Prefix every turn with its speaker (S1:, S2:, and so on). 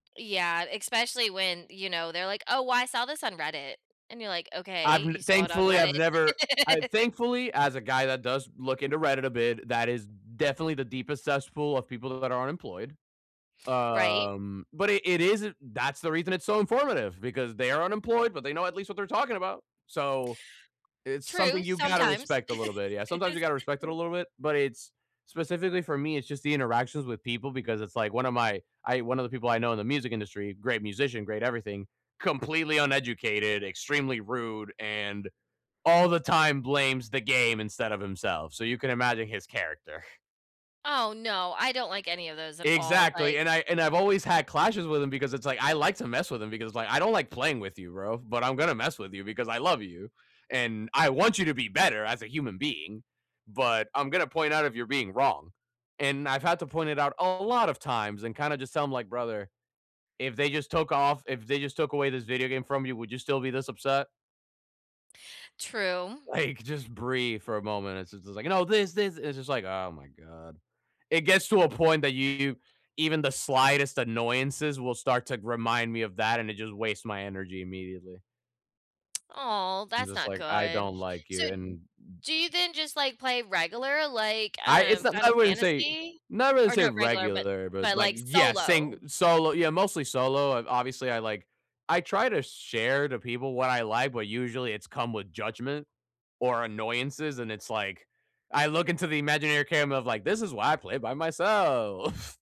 S1: Yeah, especially when, you know, they're like, "Oh, I saw this on Reddit," and you're like,
S2: I've
S1: "Okay.
S2: n
S1: You saw it on
S2: Thankfully, I've
S1: Reddit."
S2: never I Thankfully, as a guy that does look into Reddit a bit, that is definitely the deepest cesspool of people that are unemployed.
S1: Right.
S2: Um, but it it isn't That's the reason it's so informative, because, they are unemployed, but they know at least what they're talking about. So, it's something
S1: True,
S2: you gotta
S1: sometimes.
S2: respect a little bit, yeah. Sometimes you gotta respect it a little bit, but it's specifically for me, it's just the interactions with people because it's like one of my I one of the people I know in the music industry, great musician, great everything, completely uneducated, extremely rude, and all the time blames the game instead of himself, so you can imagine his character.
S1: Oh, no, I don't like any of those at all, like
S2: Exactly, and I and I've always had clashes with him because it's, like I like to mess with him because, like, "I don't like playing with you, bro, but I'm gonna mess with you because I love you, and I want you to be better as a human being, but I'm gonna point out if you're being wrong," and I've had to point it out a lot of times and kinda just tell him like, "Brother, if they just took off if they just took away this video game from you, would you still be this upset?"
S1: True.
S2: Like, just breathe for a moment. It's just is like, "You know, this, this!" It's just like, "Oh my god." It gets to a point that you even the slightest annoyances will start to g remind me of that, and it just wastes my energy immediately.
S1: Oh,
S2: I'm
S1: that's
S2: just
S1: not
S2: like, "I
S1: good.
S2: don't like
S1: So,
S2: you,
S1: d
S2: and"
S1: do you then just, like, play regular, like,
S2: I It's
S1: um,
S2: not I
S1: Final
S2: wouldn't say
S1: Fantasy?
S2: not really
S1: Or
S2: say
S1: not regular, but
S2: regular, but,
S1: but,
S2: like
S1: like,
S2: Yeah, saying
S1: solo?
S2: solo Yeah, mostly solo. I've Obviously, I like I try to share to people what I like, but usually it's come with judgment or annoyances, and it's like, I look into the imaginary camera of, like, "This is why I play by myself."